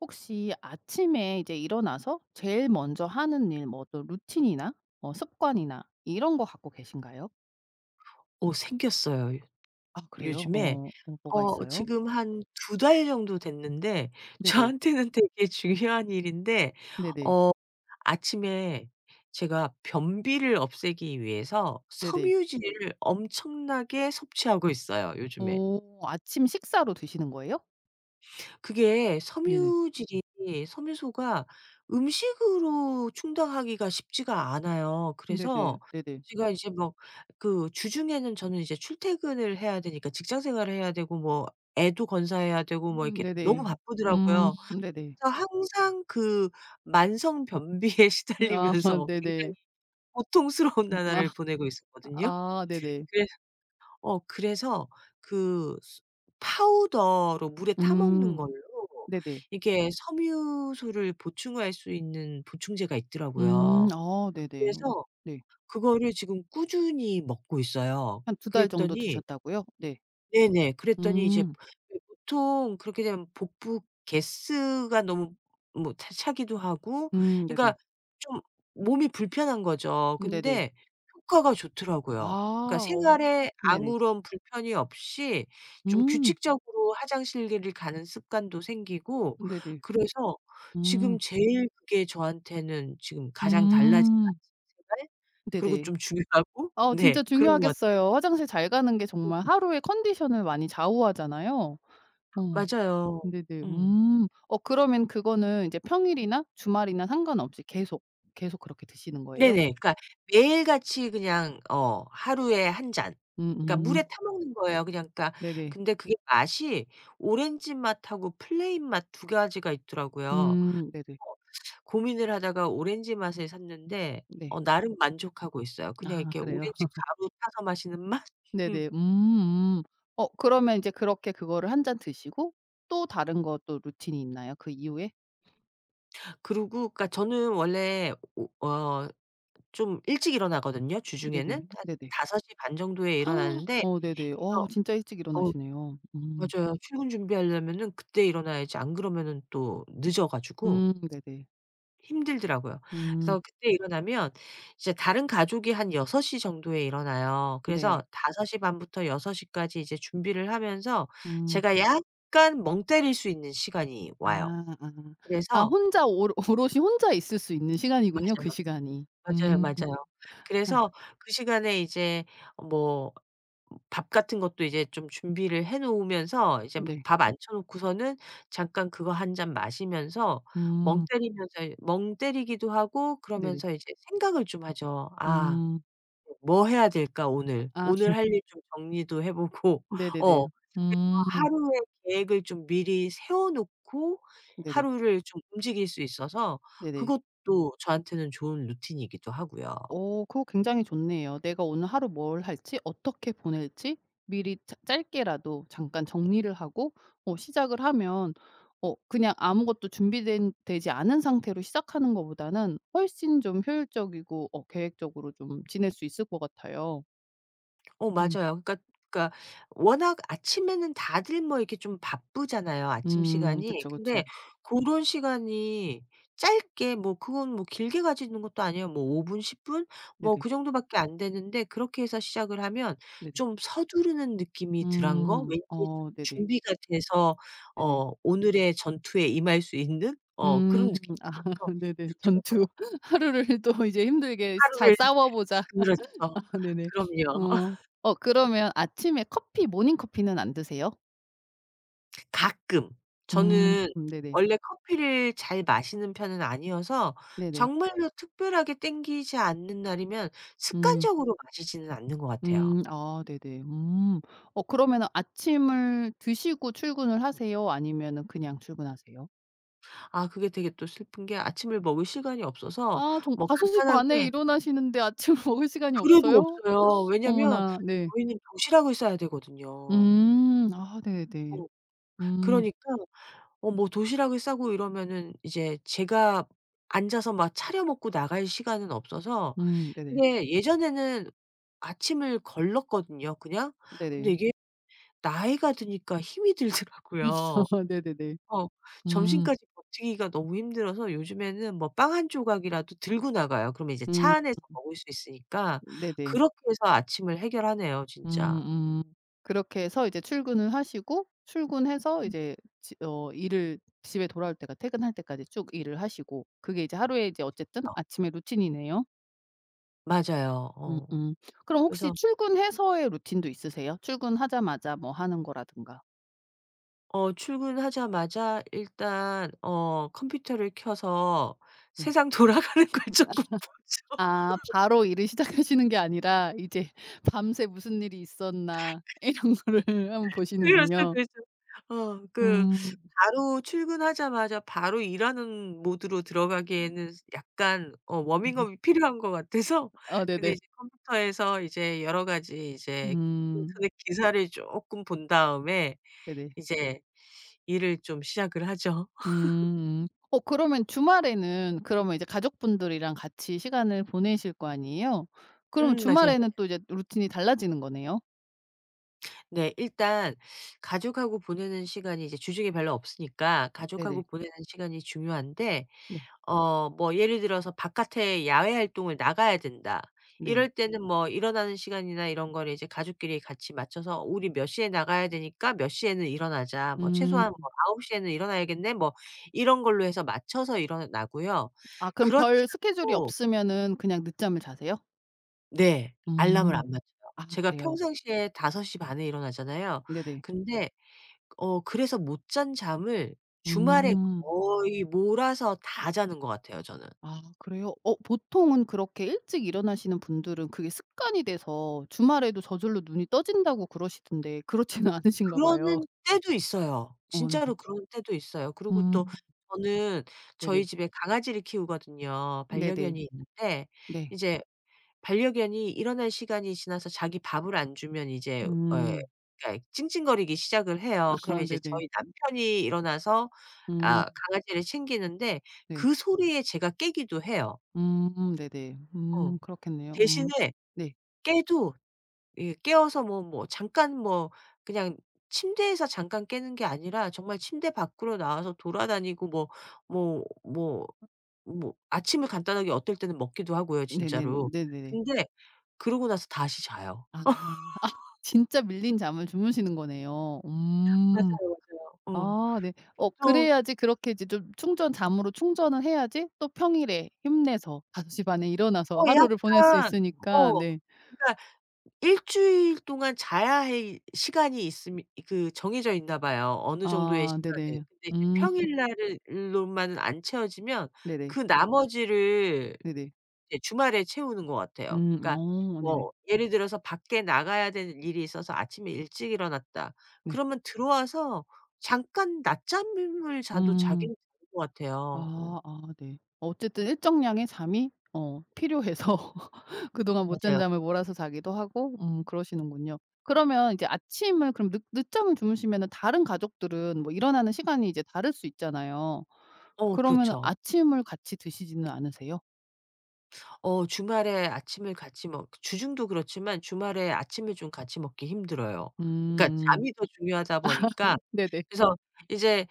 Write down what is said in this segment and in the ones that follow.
혹시 아침에 이제 일어나서 제일 먼저 하는 일 뭐 또 루틴이나 뭐 습관이나 이런 것 갖고 계신가요? 오 생겼어요 요 아 그래요? 요즘에 어 뭐 뭐가 어 있어요. 지금 한 2 달 정도 됐는데 네네. 저한테는 되게 중요한 일인데 네네. 어 아침에 제가 변비를 없애기 위해서 네네. 섬유질을 엄청나게 섭취하고 있어요 요즘에. 오 아침식사로 드시는 거예요? 그게 네네. 섬유질이 섬유소가 음식으로 충당하기가 쉽지가 않아요. 네네. 그래서 네네. 제가 이제 뭐 그 주중에는 저는 이제 출퇴근을 해야 되니까 직장 생활을 해야 되고 뭐 애도 건사해야 되고 뭐 음 이렇게 너무 네네. 음 바쁘더라고요. 네네. 그래서 항상 그 만성 변비에 아 시달리면서 굉장히 네네. 고통스러운 음 아. 나날을 보내고 있었거든요. 아 네네. 그래서 어 그래서 그 스 파우더로 물에 아 타 먹는 음 걸로 네네. 이게 섬유소를 보충할 수 있는 보충제가 음 있더라고요. 어. 네네. 그래서 네. 그거를 지금 꾸준히 먹고 있어요. 한 2 달 정도 그랬더니 드셨다고요? 네. 네네. 그랬더니 이제 음. 네 보통 그렇게 되면 복부 가스 가 너무 뭐 차 차기도 하고 음 네네. 그러니까 좀 몸이 불편한 거죠. 음 네네. 근데 효과가 아 좋더라고요. 그러니까 어. 생활에 네네. 아무런 불편이 없이 좀 음. 규칙적으로 화장실을 가는 습관도 생기고 네네. 그래서 지금 음. 제일 그게 저한테는 지금 가장 달라진 음. 아침 생활? 그리고 네네. 좀 중요하고 어 네 진짜 그런 것 같아요. 중요하겠어요. 화장실 잘 가는 게 정말 하루의 컨디션을 많이 좌우하잖아요. 어. 맞아요. 네네 음. 음. 어 그러면 그거는 인제 평일이나 주말이나 상관없이 계속, 계속 그렇게 드시는 네네. 거예요? 그러니까 매일 같이 그냥 어 하루에 1 잔, 그러니까 물에 음음. 타 먹는 거예요 그냥 그러니까 네네. 근데 그게 맛이 오렌지 맛하고 플레인 맛 2 가지가 있더라고요. 어 음 네네. 고민을 하다가 오렌지 맛을 샀는데 어 네. 나름 만족하고 있어요. 그냥 아 이렇게 그래요. 오렌지 가루 타서 마시는 맛? 네네. 음 음. 어 그러면 이제 그렇게 그거를 1 잔 드시고 또 다른 것도 루틴이 있나요? 그 이후에? 그리고 그러니까 저는 원래 오 어 좀 일찍 일어나거든요 주중에는. 네네. 한 네네. 5:30 정도에 일어나는데 어 네네. 일어 와우 진짜 일찍 어 일어나시네요. 음. 맞아요 출근 준비하려면은 그때 일어나야지 안 그러면은 또 늦어 가지고 음 네네. 힘들더라고요. 음. 그래서 그때 일어나면 이제 다른 가족이 한 6:00 정도에 일어나요. 그래서 네. 5:30 부터 6:00 까지 이제 준비를 하면서 음. 제가 약간 멍 때릴 수 있는 시간이 와요. 아 아. 아 그래서 혼자 오로 오롯이 혼자 있을 수 있는 시간이군요 그 맞아요. 시간이. 맞아요, 음. 맞아요. 아. 그래서 그 시간에 이제 뭐 밥 같은 것도 이제 좀 준비를 해 놓으면서 이제 바 네. 밥 앉혀 놓고서는 잠깐 그거 1 잔 마시면서 멍 음. 때리면서 멍 때리기도 하고 네네. 그러면서 이제 생각을 좀 하죠. '아 음. 뭐 해야 될까 오늘.' 아. 오늘 할 일 좀 정리도 해 보고 어 네네네. [unintelligible] 음. 하루의 계획을 좀 미리 세워 놓고 네네. 하루를 좀 움직일 수 있어서 네네. 그것도 저한테는 좋은 루틴이기도 하고요. 어 그거 굉장히 좋네요. 내가 오늘 하루 뭘 할지 어떻게 보낼지 미리 짜 짧게라도 잠깐 정리를 하고 어 시작을 하면 어 그냥 아무것도 준비된 되지 않은 상태로 시작하는 거보다는 훨씬 좀 효율적이고 어 계획적으로 좀 지낼 수 있을 것 같아요. 오 음. 맞아요. 그러니까, 그러니까 워낙 아침에는 다들 뭐 이렇게 좀 바쁘잖아요 아침 음. 시간이. 그쵸, 근데 그쵸. 고런 시간이 짧게 뭐 그건 뭐 길게 가지는 것도 아니야. 뭐 5 분, 10 분? 뭐 네네. 그 정도밖에 안 되는데 그렇게 해서 시작을 하면 네네. 좀 서두르는 느낌이 덜한 거? 음. 왠지 좀 어. 네네. 준비가 돼서 네네. 어 오늘의 전투에 임할 수 있는 어 음. 그런 느낌이 들어서 네네. 전투. 좋더라고요. '하루를 또 이제 힘들게 스 잘 하루를 싸워 보자.' 그렇죠. 아 네네. 그럼요. 어. 어 그러면 아침에 커피 모닝 커피는 안 드세요? 가끔. 음. 저는 네네. 원래 커피를 잘 마시는 편은 아니어서 네네. 정말로 특별하게 땡기지 않는 날이면 음. 습관적으로 마시지는 않는 것 같아요. 음. 아. 네네. 음. 어 그러면은 아침을 드시고 출근을 하세요, 아니면 그냥 출근하세요? 아 그게 되게 또 슬픈 게 아침을 먹을 시간이 없어서 아. 종 뭐 5:30 에 간단하게 일어나시는데 아침 먹을 시간이 그래도 없어요? 없어요. 왜냐면 어머나. 네. 저희는 도시락을 싸야 되거든요. 음. 아. 네네. 어. 음. 그러니까 어 뭐 도시락을 싸고 이러면은 이제 제가 앉아서 막 차려 먹고 나갈 시간은 없어서. 음. 네네. 근데 예전에는 아침을 걸렀거든요 그냥. 근데 네네. 이게 나이가 드니까 힘이 들더라고요. 네네네. 어. 음. 점심까지 버티기가 너무 힘들어서 요즘에는 뭐 빵 1 조각이라도 들고 나가요. 그러면 이제 차 음. 안에서 먹을 수 있으니까. 네네. 그렇게 해서 아침을 해결하네요 진짜. 음. 음. 그렇게 해서 이제 출근을 하시고 출근해서 음. 이제 집 어 일을 집에 돌아올 때가 퇴근할 때까지 쭉 일을 하시고 그게 이제 하루에 이제 그쵸, 어쨌든 그쵸. 아침의 루틴이네요. 맞아요 어. 음음 그럼 혹시 그래서 출근해서의 루틴도 있으세요? 출근하자마자 뭐 하는 거라든가. 어 출근 하자마자 일단 어 컴퓨터를 켜서 네. 세상 돌아가는 걸 쪼끔 보죠. 아 바로 일을 시작하시는 게 아니라 이제 '밤새 무슨 일이 있었나.' 이런 거를 한번 그렇죠, 보시는군요. 그렇죠 어 그 음. 바로 출근 하자마자 바로 일하는 모드로 음. 들어가기에는 약간 어 어 네. 워밍업이 필요한 것 같아서 아 근데 네네. 이제 컴퓨터에서 이제 여러 가지 이제 음. 인터넷 기사를 쪼끔 본 다음에 네네. 이제 일을 좀 시작을 하죠. 음 음. 어 그러면 주말에는 그러면 이제 가족분들이랑 같이 시간을 보내실 거 아니에요? 그러면 음 맞아요, 맞아. 주말에는 또 이제 루틴이 달라지는 거네요? 네 일단 가족하고 보내는 시간이 이제 주중에 별로 없으니까 네네. 가족하고 보내는 시간이 중요한데 네. 어 뭐 예를 들어서 '바깥에 야외활동을 나가야 된다.' 네. 이럴 때는 뭐 일어나는 시간이나 이런 걸 이제 가족끼리 같이 맞춰서 "우리 몇 시에 나가야 되니까 몇 시에는 일어나자. 뭐 최소한 뭐 음. 9:00 에는 일어나야겠네?" 뭐 이런 걸로 해서 맞춰서 일어나고요. 아 그럼 그렇지 별 스케줄이 않고 없으면은 그냥 늦잠을 자세요? 네. 알람을 음. 안 맞춰요. 아 제가 그래요? 평상시에 5:30 에 일어나잖아요. 네네. 근데 어 그래서 못 잔 잠을 주말에 음. 거의 몰아서 다 자는 것 같아요 저는. 아. 그래요? 어 보통은 그렇게 일찍 일어나시는 분들은 그게 습관이 돼서 주말에도 저절로 눈이 떠진다고 그러시던데 그렇지는 않으신가 봐요. 그러는 때도 있어요. 어 네 그 진짜로 그런 때도 있어요. 그리고 또 음. 저는 저희 네네. 집에 강아지를 키우거든요. 네네. 반려견이 있는데 네. 이제 반려견이 일어날 시간이 지나서 자기 밥을 안 주면 이제 에 음. 그러니까 찡찡거리기 시작을 해요. 그러면 아하 이제 네네. 저희 남편이 일어나서 음. 아 강아지를 챙기는데 네. 그 소리에 제가 깨기도 해요. 음 네네. 어. 음 그렇겠네요 음. 대신에 네. 깨도 이 깨어서 뭐 뭐 잠깐 뭐 그냥 침대에서 잠깐 깨는 게 아니라 정말 침대 밖으로 나와서 돌아다니고 뭐 뭐 뭐 아 뭐 아침을 간단하게 어떨 때는 먹기도 하고요 네네. 진짜로. 네네네. 근데 그러고 나서 다시 자요. 아. 아 진짜 밀린 잠을 주무시는 거네요. 음. 맞아요, 맞아요. 응. 아 네 어 보통 그래야지 그렇게 이제 좀 충전 잠으로 충전을 해야지 또 평일에 힘내서 5:30 에 일어나서 어 하루를 보낼 수 약간 있으니까 어. 네. 그니까 1 주일 동안 자야하 이 시간이 있음 그 정해져 있나 봐요 어느 정도의 아 시간은. 네네. 근데 이제 음. 평일날을 로만 안 채워지면 네네. 그 나머지를 네네. 이제 주말에 채우는 것 같아요. 음 그니까 어 네네. 뭐 예를 들어서 밖에 나가야 되는 일이 있어서 아침에 일찍 일어났다 네. 그러면 들어와서 잠깐 낮잠을 자도 음. 자기는 자는 것 같아요 어. 아 아 네. 어쨌든 일정량의 잠이 어 필요해서 그동안 못 잔 맞아요. 잠을 몰아서 자기도 하고 음 그러시는군요. 그러면 이제 아침을 그럼 늦 늦잠을 주무시면은 다른 가족들은 뭐 일어나는 시간이 이제 다를 수 있잖아요. 어 그러면은 그렇죠. 아침을 같이 드시지는 않으세요? 어 주말에 아침을 같이 먹 주중도 그렇지만 주말에 아침을 좀 같이 먹기 힘들어요. 그니까 음음. 잠이 더 중요하다 보니까 네네. 그래서 이제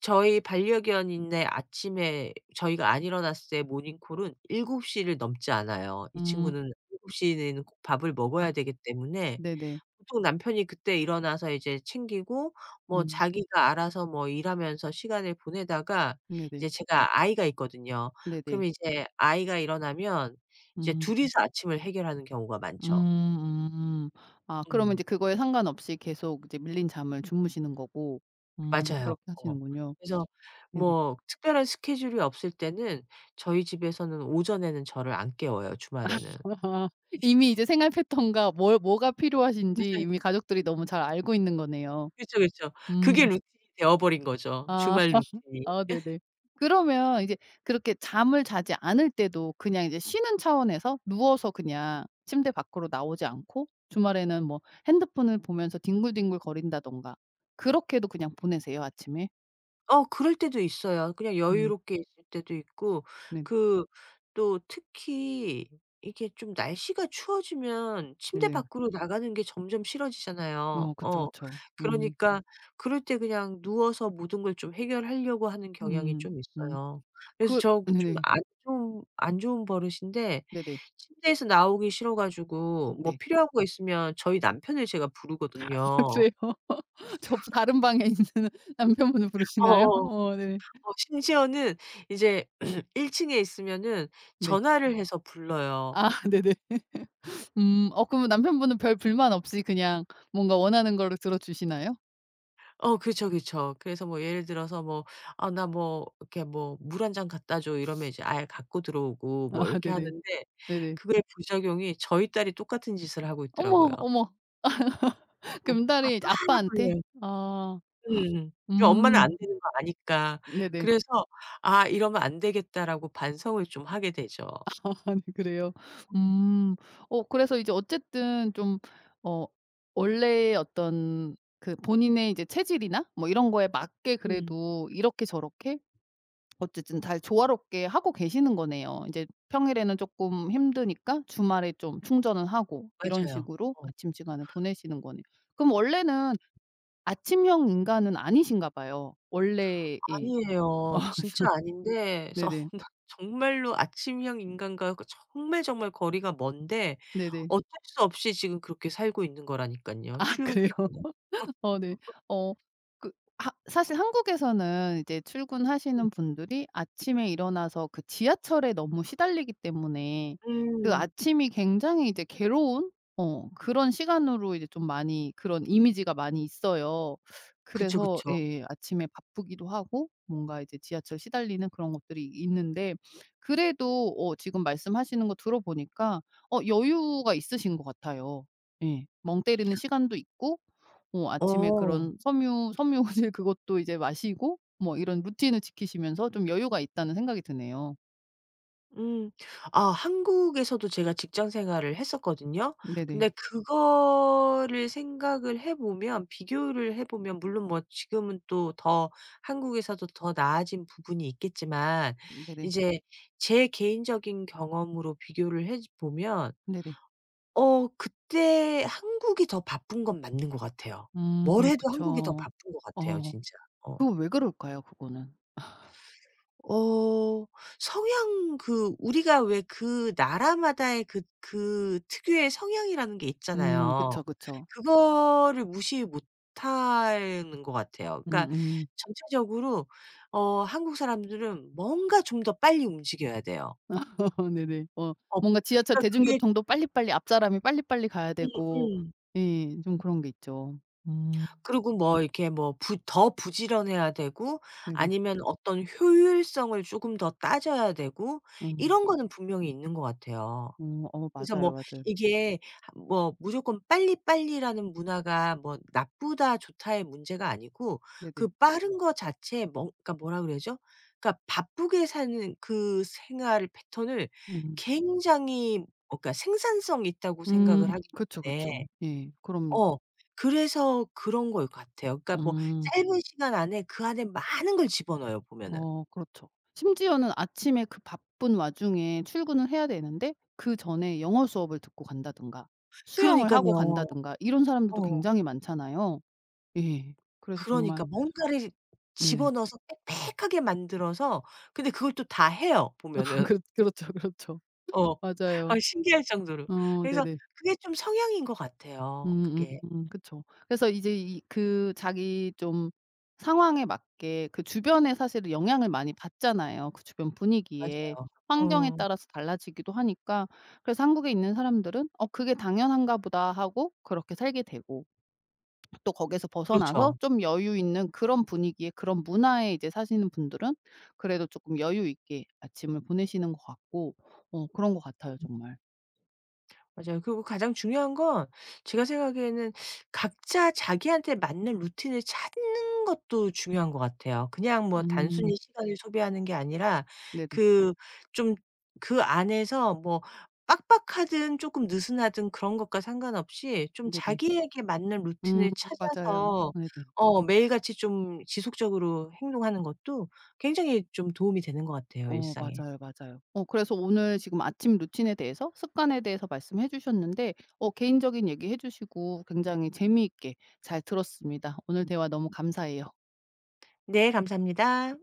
저희 반려견인의 아침에 저희가 안 일어났을 때 모닝콜은 7:00 를 넘지 않아요. 이 음. 친구는 7:00 내에는 꼭 밥을 아. 먹어야 되기 때문에 네네. 보통 남편이 그때 일어나서 이제 챙기고 뭐 음. 자기가 알아서 뭐 일하면서 시간을 보내다가 네네. 이제 제가 아이가 있거든요. 네네. 그러면 이제 아이가 일어나면 이제 음. 둘이서 아침을 해결하는 경우가 많죠. 음 음. 아 그러면 음. 이제 그거에 상관없이 계속 이제 밀린 잠을 주무시는 거고 음 맞아요. 그렇게 어. 하시는군요. 그래서 네네. 뭐 특별한 스케줄이 없을 때는 저희 집에서는 오전에는 저를 안 깨워요 주말에는. 이미 이제 생활 패턴과 뭘 뭐가 필요하신지 맞아요. 이미 가족들이 너무 잘 알고 있는 거네요. 그쵸, 그쵸. 음. 그게 루틴이 되어버린 거죠 아. 주말 루틴이. 아 네네. 그러면 이제 그렇게 잠을 자지 않을 때도 그냥 이제 쉬는 차원에서 누워서 그냥 침대 밖으로 나오지 않고 주말에는 뭐 핸드폰을 보면서 뒹굴뒹굴 거린다든가 그렇게도 그냥 보내세요 아침에? 어 그럴 때도 있어요. 그냥 음. 여유롭게 있을 때도 있고 네네. 그 또 특히 이렇게 좀 날씨가 추워지면 침대 네네. 밖으로 나가는 게 점점 싫어지잖아요. 어 그쵸, 어. 그쵸. 음. 그러니까 그럴 때 그냥 누워서 모든 걸 좀 해결하려고 하는 경향이 음. 좀 음. 있어요. 그래서 그 저 좀 네네. 안 좋은 안 좋은 버릇인데 네네. 침대에서 나오기 싫어 가지고 음 뭐 네. 필요한 거 있으면 저희 남편을 제가 부르거든요. 맞아요. 접수 다른 방에 있는 남편분을 부르시나요? 어어. 어 네. 어 심지어는 이제 1 층에 있으면은 네. 전화를 해서 불러요. 아 입 네네. 음. 어 그럼 남편분은 별 불만 없이 그냥 뭔가 원하는 거를 들어 주시나요? 어 그쵸, 그쵸. 그래서 뭐 예를 들어서 뭐 "아 나 뭐 이렇게 뭐 물 1 잔 갖다 줘." 이러면 이제 아예 갖고 들어오고 뭐 아 이렇게 네네. 하는데 네네. 그거에 부작용이 저희 딸이 똑같은 짓을 하고 있더라고요. 어머, 어머. 응 "아빠 그럼 딸이 이제 1 더 아빠한테? 해." 아. 음. 그 엄마는 음. 안 되는 거 아니까 네네. 그래서 '아 이러면 안 되겠다.'라고 반성을 좀 하게 되죠. 네 그래요. 음. 음. 어 그래서 이제 어쨌든 좀 어 원래 어떤 그 본인의 이제 체질이나 뭐 이런 거에 맞게 음. 그래도 이렇게 저렇게 어쨌든 잘 조화롭게 하고 계시는 거네요. 인제 평일에는 쪼끔 힘드니까 주말에 좀 충전은 하고 이런 맞아요. 식으로 어. 아침 시간을 보내시는 거네요. 그럼 원래는 아침형 인간은 아니신가 봐요 원래 예. 아니에요. 진짜 아닌데 어 네네. 나 정말로 아침형 인간과 거 정말, 정말 거리가 먼데 네네. 어쩔 수 없이 지금 그렇게 살고 있는 거라니깐요 아 출근 그래요? 때문에. 어 네. 어 그 하 사실 한국에서는 이제 음. 출근하시는 분들이 아침에 일어나서 그 지하철에 너무 시달리기 때문에 그 음. 아침이 굉장히 이제 괴로운 어 그런 시간으로 이제 좀 많이 그런 이미지가 많이 있어요. 그쵸, 그래서 그쵸. 예예 아침에 바쁘기도 하고 뭔가 이제 지하철 시달리는 그런 것들이 있는데 그래도 어 지금 말씀하시는 거 들어보니까 어 여유가 있으신 것 같아요. 예. 멍 때리는 시간도 있고 어 아침에 어. 그런 섬유 섬유질 그것도 이제 마시고 뭐 이런 루틴을 지키시면서 좀 여유가 있다는 생각이 드네요. 음. 아 한국에서도 제가 직장 생활을 했었거든요? 네네. 근데 그거를 생각을 해 보면 비교를 해 보면 물론 뭐 지금은 또 더 한국에서도 더 나아진 부분이 있겠지만 네네. 이제 제 개인적인 경험으로 비교를 해지 보면 네네. 어 그때 한국이 더 바쁜 건 맞는 것 같아요. 뭘 음 해도 한국이 더 그쵸. 바쁜 거 같아요 어. 진짜. 어. 그건 왜 그럴까요 그거는? 어 성향 그 우리가 왜 그 나라마다의 그 그 특유의 성향이라는 게 음. 있잖아요. 그쵸, 그쵸. 그거를 무시 못 하는 것 같아요. 그러니까 음음. 전체적으로 어 한국 사람들은 뭔가 좀 더 빨리 움직여야 돼요. 네네. 어 어. 뭔가 지하철 그러니까 그게 대중교통도 빨리빨리 앞사람이 빨리빨리 가야 음 되고 음. 예 좀 그런 게 있죠. 음. 그리고 뭐 이렇게 뭐 부 더 부지런해야 되고 네네. 아니면 어떤 효율성을 쪼금 더 따져야 되고 음. 이런 거는 분명히 있는 것 같아요. 음. 어 그래서 뭐 맞아요, 맞아요. 이게 뭐 무조건 빨리 빨리라는 문화가 뭐 '나쁘다. 좋다.'의 문제가 아니고 그 네네. 빠른 거 자체 뭐 그러니까 뭐라 그래야죠? 그러니까 바쁘게 사는 그 생활 패턴을 음. 굉장히 어 그러니까 생산성 있다고 음 생각을 하기 그쵸, 때문에 그쵸. 예 그럼요. 어 그래서 그런 것 같아요. 그러니까 뭐 음. 짧은 시간 안에 그 안에 많은 걸 집어 넣어요 보면은. 어 그렇죠. 심지어는 아침에 그 바쁜 와중에 출근을 해야 되는데 그 전에 영어 수업을 듣고 간다든가 수영을 하고 그러니깐요. 간다든가 이런 사람들도 어. 굉장히 많잖아요. 예 그래서 정말 그러니까 뭔가를 집어 네. 넣어서 빽빽하게 만들어서 근데 그걸 또 다 해요 아 보면은. 그렇 그렇죠, 그렇죠. 어. 아 맞아요. 신기할 정도로. 어 그래서 네네. 그게 좀 성향인 것 같아요 그게. 음음 그쵸. 그래서 이제 이 그 자기 좀 상황에 맞게 그 주변의 사실은 영향을 많이 받잖아요 그 주변 분위기에. 맞아요. 환경에 음. 따라서 달라지기도 하니까 그래서 한국에 있는 사람들은 '어 그게 당연한가보다.' 하고 그렇게 살게 되고 또 거기에서 벗어나서 그렇죠. 좀 여유 있는 그런 분위기의 그런 문화에 이제 사시는 분들은 그래도 쪼끔 여유 있게 아침을 보내시는 것 같고 어 그런 것 같아요. 음. 정말. 맞아요. 그리고 가장 중요한 건 제가 생각하기에는 각자 자기한테 맞는 루틴을 찾는 것도 중요한 것 같아요. 그냥 뭐 음. 단순히 시간을 소비하는 게 아니라 네네. 그 좀 그 안에서 뭐 빡빡하든 조금 느슨하든 그런 것과 상관없이 좀 네네. 자기에게 맞는 음 루틴을 맞아요. 찾아서 네네. 어 매일같이 좀 지속적으로 행동하는 것도 굉장히 좀 도움이 되는 것 같아요 어 일상에. 맞아요, 맞아요. 어 그래서 오늘 지금 아침 루틴에 대해서 습관에 대해서 말씀해 주셨는데 어 개인적인 얘기해 주시고 굉장히 재미있게 잘 들었습니다. 오늘 대화 너무 감사해요. 네 감사합니다.